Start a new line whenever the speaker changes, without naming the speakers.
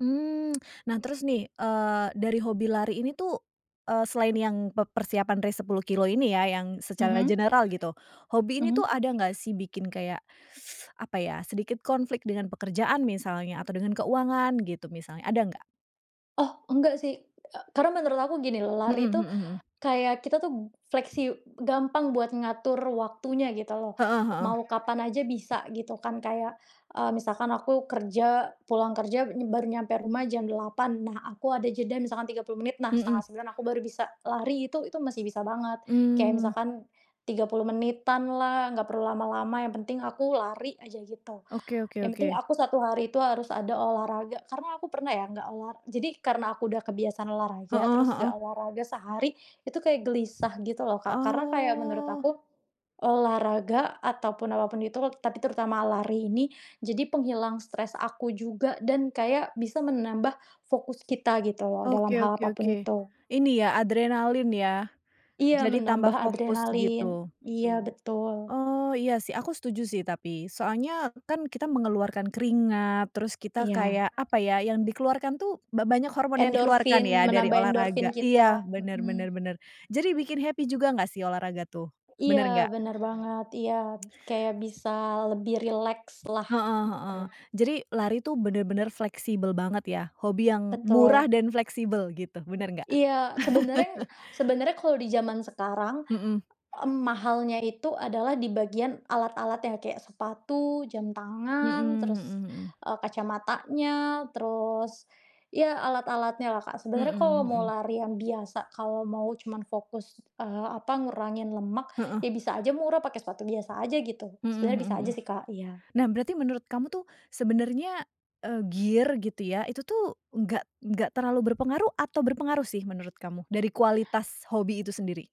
Mmm. Nah, terus nih, eee, dari hobi lari ini tuh, eee, selain yang pe persiapan race 10 kilometer ini ya, yang secara
Mhm.
general gitu. Hobi ini tuh
Mhm.
ada nggak sih, bikin kayak apa ya, sedikit konflik dengan pekerjaan misalnya, atau dengan keuangan gitu misalnya, ada nggak?
Oh nggak sih, eee, karena menurut aku gini loh,
Mhm
lari itu
mhm mhm.
kayak kita tuh flexi gampang buat ngatur waktunya gitu loh,
Heeh heeh.
mau kapan aja bisa gitu kan, kayak, eee, misalkan aku kerja, pulang kerja baru nyampe rumah jam 8.00 Nah, aku ada jeda misalkan 30 menit, nah setengah
Mhm.
sembilan aku baru bisa lari, itu itu masih bisa banget. Kayak
Mmm.
misalkan 30 menitan lah, nggak perlu lama-lama, yang penting aku lari aja gitu.
Oke oke
Yang penting
oke.
aku 1 hari itu harus ada olahraga. Karena aku pernah ya, nggak ola jadi karena aku udah kebiasaan olahraga,
Heeh
terus nggak
heeh.
olahraga sehari, itu kayak gelisah gitu, loh, Kak, karena kayak menurut
Oh.
aku, olahraga ataupun apa pun itu, tapi terutama lari ini, jadi penghilang stres aku juga dan kayak bisa menambah fokus kita gitu loh, dalam
Oke
hal
oke
apa pun
oke.
itu.
Ini ya, adrenalin ya,
Iya,
jadi
menambah
tambah fokus
adrenalin.
gitu?
Iya, betul.
Oh, iya sih, aku setuju sih, tapi soalnya kan kita mengeluarkan keringat, terus kita
Iya.
kayak apa ya, yang dikeluarkan tuh, ba banyak hormon yang dikeluarkan
Endorfin,
ya, dari
menambah endorfin
olahraga. Iya,
kita,
bener bener
mhm.
bener. Jadi bikin happy juga nggak sih, olahraga tuh,
Iya,
bener nggak?
bener banget. Iya, kayak bisa lebih rileks lah,
Heeh heeh.
betul.
Jadi lari tuh bener-bener fleksibel banget ya, hobi yang murah
Betul.
dan fleksibel gitu, bener nggak?
Iya, sebenarnya sebenarnya kalau di zaman sekarang,
Mhm.
mmm, mahalnya itu adalah di bagian alat-alatnya, kayak sepatu, jam
Mhm
tangan, terus,
mhm mhm.
eee, kacamatanya, terus, ya alat-alatnya lah, Kak. Sebenarnya
Mhm
kalau mau
mhm.
lari yang biasa, kalau mau cuman fokus, eee, apa, ngurangin lemak,
Heeh.
ya bisa aja murah, pakai sepatu biasa aja gitu.
Mhm
Sebenarnya
mhm
bisa
mhm.
aja sih, Kak, iya.
Nah berarti menurut kamu tuh sebenernya, eee, gear gitu ya, itu tuh enggak enggak terlalu berpengaruh atau berpengaruh sih, menurut kamu, dari kualitas hobi itu sendiri?